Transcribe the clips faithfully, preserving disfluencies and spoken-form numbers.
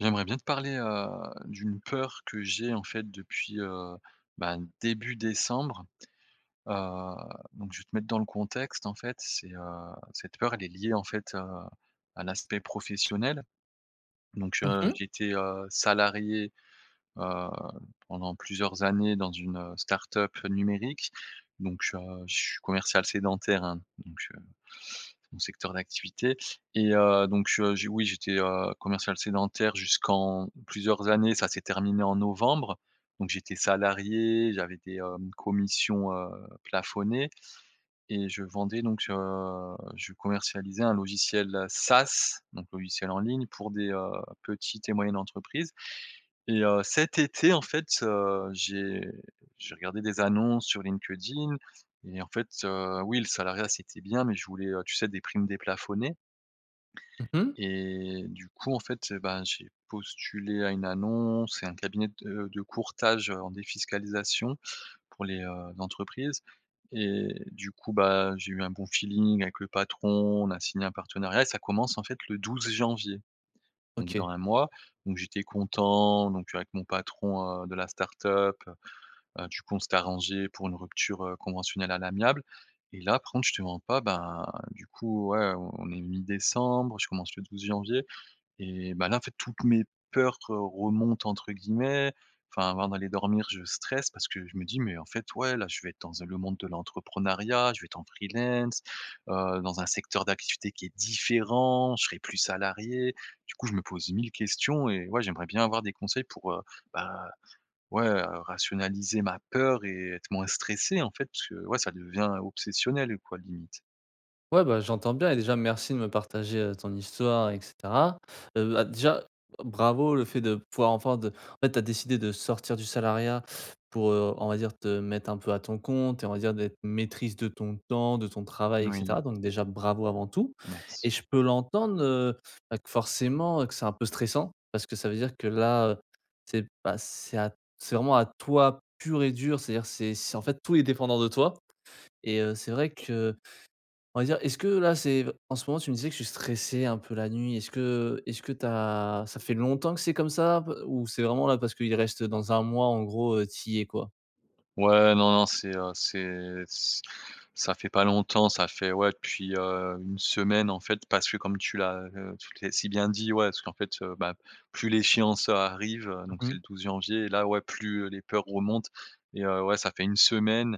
J'aimerais bien te parler, heu, d'une peur que j'ai en fait depuis, heu, ben, début décembre. Heu, donc je vais te mettre dans le contexte en fait, c'est, heu, cette peur elle est liée en fait, heu, à l'aspect professionnel. Donc, Mmh heu, mh. j'étais, heu, salarié, heu, pendant plusieurs années dans une, heu, start-up numérique, donc, heu, je suis commercial sédentaire, hein, donc, heu. C'est mon secteur d'activité, et heu, donc, heu, oui, j'étais, heu, commercial sédentaire jusqu'en plusieurs années, ça s'est terminé en novembre. Donc j'étais salarié, j'avais des, hem, commissions, heu, plafonnées et je vendais donc, heu, je commercialisais un logiciel SaaS, donc logiciel en ligne pour des, heu, petites et moyennes entreprises. Et heu, cet été, en fait, heu, j'ai j'ai regardé des annonces sur LinkedIn et en fait, heu, oui, le salariat c'était bien, mais je voulais, heu, tu sais des primes déplafonnées. Mmh mh. Et du coup, en fait, heu, ben, j'ai postulé à une annonce c'est un cabinet de de courtage, heu, en défiscalisation pour les, heu, entreprises et du coup, bah, j'ai eu un bon feeling avec le patron, on a signé un partenariat, ça commence en fait le douze janvier. Donc OK. dans un mois, donc j'étais content, donc avec mon patron, heu, de la start-up, heu heu, du coup on s'étaient arrangés, pour une rupture, heu, conventionnelle à l'amiable. Et là, par contre je te mens pas, ben, du coup ouais, on est mi-décembre, je commence le douze janvier et bah, là en fait, toutes mes peurs remontent entre guillemets. Enfin, avant d'aller dormir je stresse parce que je me dis: «Mais en fait ouais là, je vais être dans un le monde de l'entrepreneuriat, je vais être en freelance, heu, dans un secteur d'activité qui est différent, je serai plus salarié». Du coup, je me pose mille questions et ouais j'aimerais bien avoir des conseils pour, heu, ben, ouais, heu, rationaliser ma peur et être moins stressé en fait parce que ouais ça devient obsessionnel quoi limite. Ouais, bah, j'entends bien et déjà merci de me partager, heu, ton histoire et cetera. Heu, bah, déjà, e bravo le fait de pouvoir enfin de en fait, tu as décidé de sortir du salariat pour, heu, on va dire, te mettre un peu à ton compte et on va dire d'être maîtrise de ton temps, de ton travail et Oui. cetera, donc déjà bravo avant tout. Et Merci. je peux l'entendre, heu, bah, que forcément, heu, que c'est un peu stressant, parce que ça veut dire que là, heu, c'est pas c'est à c'est vraiment à toi pur et dur, c'est-à-dire, c'est c'est en fait tout est dépendant de toi et heu, c'est vrai que on va dire, est-ce que là, c'est en ce moment tu me disais que tu stressais un peu la nuit, est-ce que est-ce que tu as ça fait longtemps que c'est comme ça un peu? Ou c'est vraiment là parce qu'il reste, heu, dans un mois en gros, heu, tu y es quoi? Ouais non non, c'est, heu, c'est c ça fait pas longtemps ça fait, ouais depuis, heu, une semaine en fait parce que comme tu l'as, heu, tu t'es si bien dit ouais, parce qu'en fait, heu, bah plus l'échéance, heu, arrive, heu, donc Mmh c'est mh. le douze janvier là ouais plus, heu, les peurs remontent et heu, ouais ça fait une semaine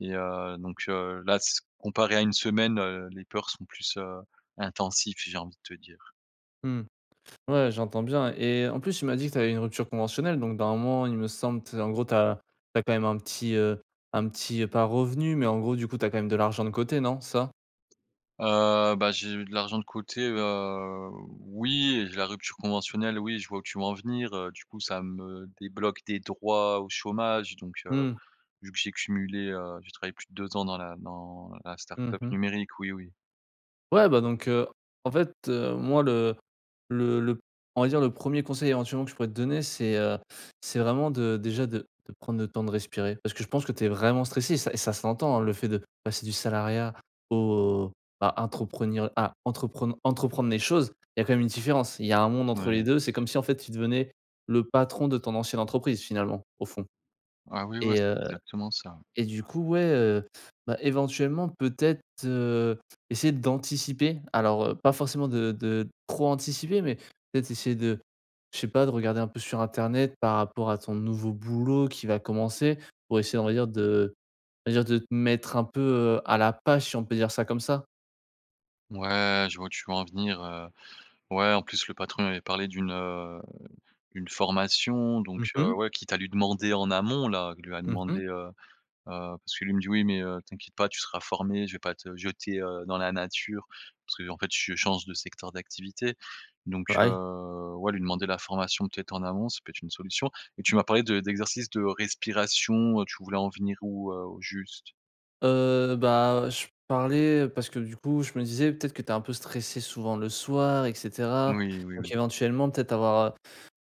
et heu, donc, heu, là s comparé à une semaine, heu, les peurs sont plus, heu, intensives, j'ai envie de te dire. Mmh. Ouais, j'entends bien et en plus tu m'as dit que tu avais une rupture conventionnelle donc dans un moment, il me semble, tu sais en gros tu as tu as quand même un petit, heu, un petit, heu, pas revenu mais en gros du coup t'as quand même de l'argent de côté, non, c'est ça? Heu, bah, j'ai eu de l'argent de côté, heu, oui et la rupture conventionnelle, oui, je vois où tu veux en venir, heu, du coup ça me débloque des droits au chômage donc, heu, Mmh. vu que j'ai cumulé, heu, j'ai travaillé plus de deux ans dans la dans la Mmh start-up mh. numérique, oui, oui. Ouais, bah, donc, heu, en fait, heu, moi le le le on va dire le premier conseil éventuellement que je pourrais te donner c'est, heu, c'est vraiment de déjà de de prendre le temps de respirer. Parce que je pense que tu es vraiment stressé et ça et ça s'entend, hein, le fait de passer du salariat au à à entreprenir à entrepren à entreprendre les choses, il y a quand même une différence. Il y a un monde entre les Ouais, deux, c'est c'est comme sûr. si en fait tu devenais le patron de ton ancienne entreprise finalement, au fond. Ah, oui, ouais, Et, c'est heu, exactement ça, ouais. et du coup, ouais, heu, bah, éventuellement peut-être, heu, essayer d'anticiper. Alors, heu, pas forcément de de trop anticiper mais peut-être essayer de je sais pas, de regarder un peu sur internet par rapport à ton nouveau boulot qui va commencer pour essayer on va dire de va dire de te mettre un peu, heu, à la page, si on peut dire ça comme ça? Mouais, je vois où tu veux en venir, heu, ouais, en plus, le patron il m'avait parlé d'une, heu, une formation, Mmh donc, heu, mh. ouais. Quitte à lui demander en amont là, il lui a Mmh demandé mh. heu, heu, parce qu'il lui me dit: «Oui, mais, heu, t'inquiète pas, tu seras formé, je vais pas te jeter, heu, dans la nature.» parce qu'en fait, je change de secteur d'activité. Donc, Ah, oui? heu. Ouais, lui demander la formation peut-être en avance, ça peut être une solution. Et tu m'as parlé de d'exercices de respiration, heu, tu voulais en venir où, heu, au juste? Heu, bah, heu, je parlais parce que du coup, je me disais, peut-être que tu es un peu stressé souvent le soir et cetera. Moui oui Donc oui. éventuellement peut-être avoir,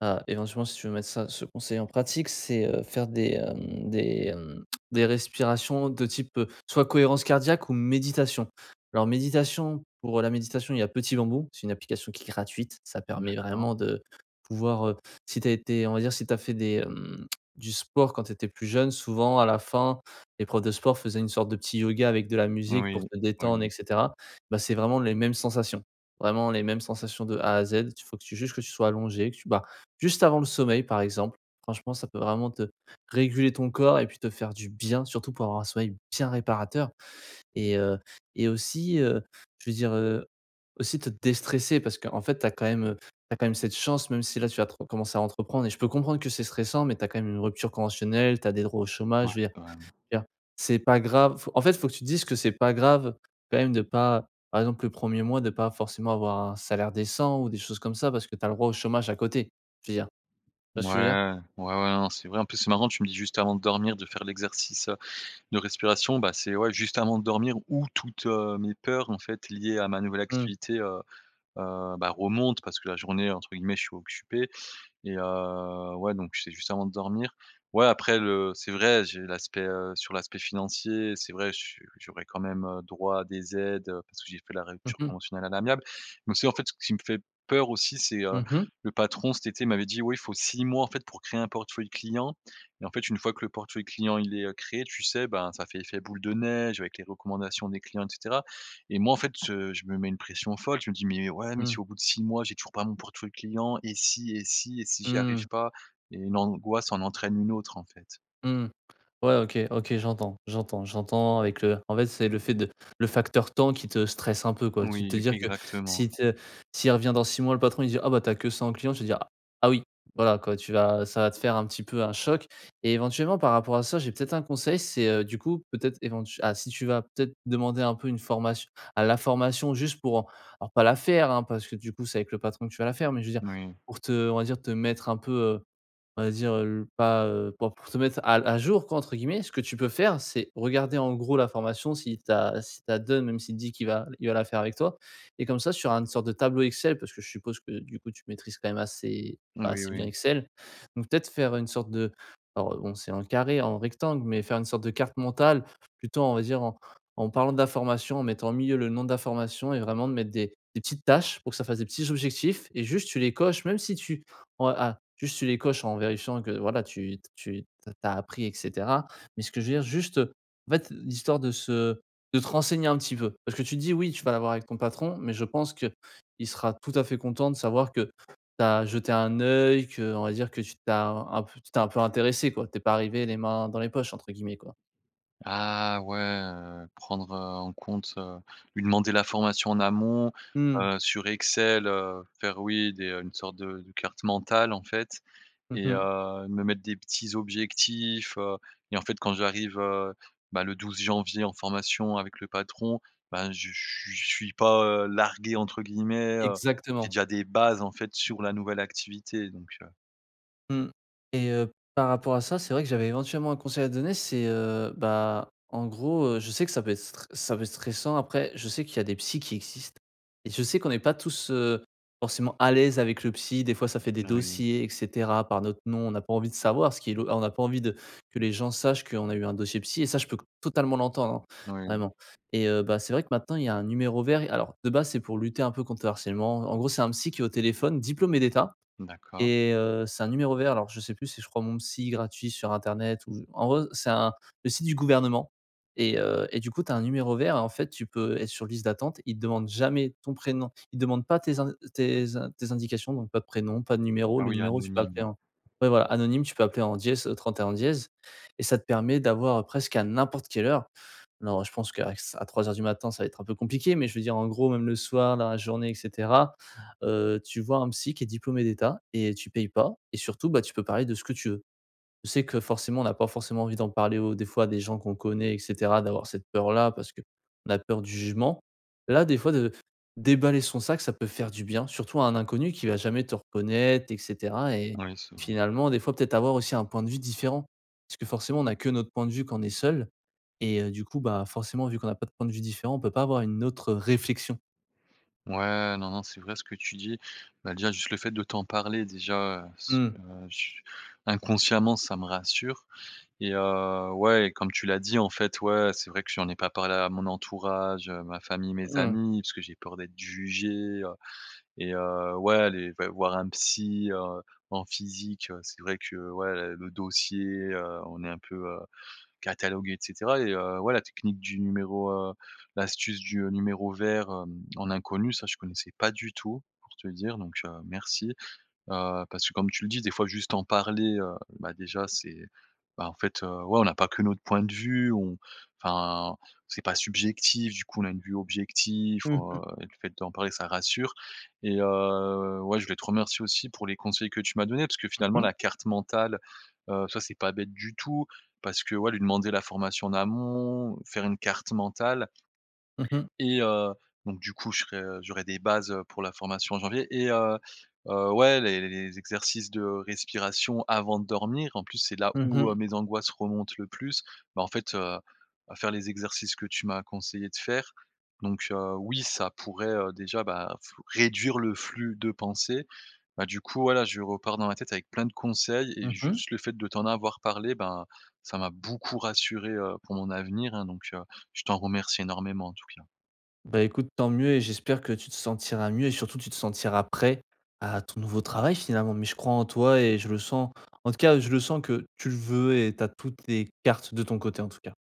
heu, heu, éventuellement si tu veux mettre ça ce conseil en pratique, c'est, heu, faire des hem, des hem, des respirations de type, heu, soit cohérence cardiaque ou méditation. Alors méditation, pour la méditation, il y a Petit Bambou. C'est une application qui est gratuite, ça permet D'accord. vraiment de pouvoir, heu, si tu as été, on va dire, si tu as fait des hem, du sport quand tu étais plus jeune. Souvent à la fin, les profs de sport faisaient une sorte de petit yoga avec de la musique Oui. pour Oui te détendre et oui. cetera. Bah, c'est vraiment les mêmes sensations. Vraiment les mêmes sensations de A à Z. Il faut que tu juste que tu sois allongé, que tu bah, juste avant le sommeil, par exemple. Franchement, ça peut vraiment te réguler ton corps, et puis, te faire du bien surtout, pour avoir un sommeil bien réparateur. Et heu et aussi, heu, je veux dire, heu, aussi te déstresser parce qu'en fait tu as quand même, heu, tu as quand même cette chance même si là, tu vas re commencer à entreprendre, et je peux comprendre que stressant. Mais, tu as quand même une rupture conventionnelle. Tu as des droits au Ouais. chômage. Je veux dire Quand même. je veux dire, c'est pas grave, en fait, faut que tu dises que, c'est pas grave, quand même de pas par exemple, le premier mois, de pas forcément avoir un salaire décent. Ou des choses comme ça. Parce que, tu as le droit au chômage à côté. Je veux dire. Tu vois ce que je veux dire? Ouais. Ouais ouais. Non, c'est vrai, en plus, c'est marrant, tu me dis, juste avant de dormir, de faire l'exercice, heu, de respiration. Bah, c'est ouais juste avant de dormir où toutes, heu, mes peurs en fait liées à ma nouvelle Mmh. activité, heu, heu, bah, remontent parce que la journée, heu, entre guillemets «je suis occupé» et heu, ouais, donc c'est juste avant de dormir. Ouais, après le c'est vrai j'ai l'aspect, heu sur l'aspect financier, c'est vrai, je suis j'aurais quand même, heu, droit à des aides, heu, parce que j'ai fait la Mmh rupture mh. conventionnelle à l'amiable. Donc, c'est en fait, ce qui me fait peur aussi c'est, heu, Mmh mh. le patron cet été m'avait dit: «Oui, il faut six mois, en fait, pour créer un portefeuille clients» et en fait, une fois que le portefeuille client, il est, heu, créé, tu sais, bah, ça fait effet boule de neige avec les recommandations des clients et cetera. Et moi, en fait, je je me mets une pression folle. Je me dis: «Mais ouais, mais si Mmh. au bout de six mois, j'ai toujours pas mon portefeuille client et si et si et si j'y arrive Mmh. pas» et une angoisse en entraîne une autre, en fait. Mmh. Ouais, OK OK j'entends j'entends j'entends avec le en fait, c'est le fait de le facteur temps qui te stresse un peu, quoi. Tu te Oui, dire que, exactement. s'il te s'il revient dans six mois le patron, il dire: «Ah bah, tu as que ça en clients», tu vas dire «Ah oui». Voilà quoi, tu vas ça va te faire, heu, un petit peu un choc et éventuellement, par rapport à ça. J'ai peut-être un conseil. C'est heu, du coup, peut-être, éventue ah! Si tu vas peut-être demander un peu une formation à la formation, juste pour alors, pas la faire, hein, parce que du coup c'est avec le patron que tu vas la faire. Mais, je veux dire, Oui. pour te heu, on va dire te mettre un peu, heu, on va dire, heu, pas heu, pour te «mettre à à jour», quoi, entre guillemets. Ce que tu peux faire, c'est, regarder en gros la formation, si tu as s'il te la donne même s'il dit qu'il va il va la faire avec toi, et comme ça, sur un une sorte de tableau Excel, parce que je suppose que du coup, tu maîtrises quand même assez bah, Oui assez bien oui. Excel. Donc, peut-être faire une sorte de bon, c'est en carré, en rectangle, mais faire une sorte de carte mentale plutôt, on va dire, en en parlant de la formation. En mettant, au milieu, le nom de la formation et vraiment de mettre des des petites tâches pour que ça fasse des petits objectifs et juste tu les coches, même si tu en ah! Juste tu les coches, en vérifiant que, voilà, tu tu tu as appris, et cetera. Mais, ce que je veux dire, juste heu, en fait, l'histoire de se de te renseigner un petit peu. Parce que tu te dis: «Oui tu vas l'avoir avec ton patron» mais je pense que, il sera tout à fait content de savoir que tu as jeté un œil, que, on va dire, que tu tu as un peu tu t'es un peu intéressé, quoi. Tu es pas arrivé, «les mains dans les poches», entre guillemets, quoi. Ah ouais, heu, prendre, heu, en compte, heu lui demander la formation en amont, Mmh. heu, sur Excel, heu, faire oui, des heu, une sorte de de carte mentale, en fait Mmh et mh. heu, me mettre des petits objectifs, heu et en fait, quand j'arrive, heu, bah, le douze janvier en formation avec le patron, bah, je je suis je suis pas, heu, «largué» entre guillemets, heu, j'ai Exactement. déjà des bases en fait sur la nouvelle activité donc, heu. Mmh et heu, par rapport à ça, c'est vrai que j'avais éventuellement un conseil à donner. C'est, heu, bah, en gros, heu, je sais que ça peut être stre ça peut être stressant. Après, je sais qu'il y a des psy qui existent et je sais qu'on est pas tous, heu, forcément à l'aise avec le psy. Des fois, ça fait des Ah, oui. dossiers et cetera, par notre nom. On n'a pas envie de savoir ce qui est lo on a pas envie de que les gens sachent qu'on a eu un dossier psy et ça je peux co totalement l'entendre, Ouais. vraiment et heu, bah, c'est vrai que, maintenant, il y a un numéro vert et alors, de base, c'est pour lutter un peu contre le harcèlement. En gros, c'est un psy qui est au téléphone, diplômé d'État D'accord. et heu, c'est un numéro vert. Alors, je sais plus si, je crois «mon psy gratuit» sur internet ou, en gros, c'est un le site du gouvernement et heu, et du coup tu as un numéro vert et en fait, tu peux être sur liste d'attente. Ils te demandent jamais ton prénom. Ils demandent pas tes in tes in tes indications. Donc, pas de prénom, pas de numéro Ah le oui, numéro. Tu peux anonyme, appeler ouais. en, ouais, voilà, anonyme. Tu peux appeler en dièse, au trente-et-un dièse et ça te permet d'avoir presqu'à n'importe quelle heure. Non, ouais, je pense qu'avec ç à trois heures du matin, ça va être un peu compliqué. Mais, je veux dire, en gros, même le soir, dans la journée et cetera, heu, tu vois un psy qui est diplômé d'État et tu payes pas et surtout, bah, tu peux parler de ce que tu veux. Je sais que, forcément, on a pas forcément envie d'en parler au des fois à des gens qu'on connaît et cetera. D'avoir cette peur-là parce que la peur du jugement. Là, des fois, de déballer son sac ça peut faire du bien surtout à un inconnu qui va jamais te reconnaître et cetera et Ah, oui, c'est vrai. finalement, des fois, peut-être avoir aussi un point de vue différent parce que, forcément, on a que notre point de vue quand on est seul et, heu, du coup, bah, forcément vu qu'on a pas de point de vue différent, on peut pas avoir une autre réflexion. Ouais, non non. C'est vrai ce que tu dis. Bah, déjà, juste le fait de t'en parler, déjà, heu, ce Mmh. heu, ch inconsciemment ça me rassure et, heu, ouais, comme tu l'as dit, en fait, ouais. C'est vrai que j'en ai pas parlé à mon entourage, ma famille, mes Mmh. amis, parce que j'ai peur d'être jugé, heu et, heu, ouais, les v voir un psy, heu, en physique, c'est vrai que, ouais, le dossier, heu, on est un peu, heu, catalogué et cetera et, heu, ouais la technique du numéro, heu, l'astuce du, heu, numéro vert, hem, en inconnu, ça je connaissais pas du tout, pour te dire. Donc, heu, merci, heu, parce que, comme tu le dis, des fois, juste en parler, heu, bah, déjà, c'est, bah, en fait, heu, ouais, on a pas que notre point de vue. On, enfin, c'est pas subjectif du coup. On a une vue objectif, Mmh mh. heu, et le fait d'en parler ça rassure et heu, ouais, je voulais te remercier aussi pour les conseils que tu m'as donnés parce que, finalement, Mmh mh. la carte mentale, heu, ça c'est pas bête du tout parce que, ouais, lui demander la formation en amont, faire une carte mentale Mmh mh. et, heu, donc, du coup, je serai, heu, j'aurai des bases heu pour la formation en janvier et, heu heu, ouais les les les les exercices de respiration avant de dormir. En plus, c'est là, Mmh où, heu, mh. mes angoisses remontent le plus, bah, en fait, heu heu, faire les exercices que tu m'as conseillés de faire. Donc, heu, oui, ça pourrait, heu, déjà, bah, flou réduire le flux de pensées. Bah, du coup, voilà, je repars dans ma tête avec plein de conseils et Mmh mh. juste le fait de t'en avoir parlé, ben, ça m'a beaucoup rassuré, heu, pour mon avenir, hein. Donc, heu, je t'en remercie énormément, en tout cas. Bah, écoute, tant mieux et j'espère que tu te sentiras mieux et surtout tu te sentiras prêt à ton nouveau travail, finalement. Mais, je crois en toi et je le sens. En tout cas, je le sens que tu veux et tu as toutes les cartes de ton côté, en tout cas.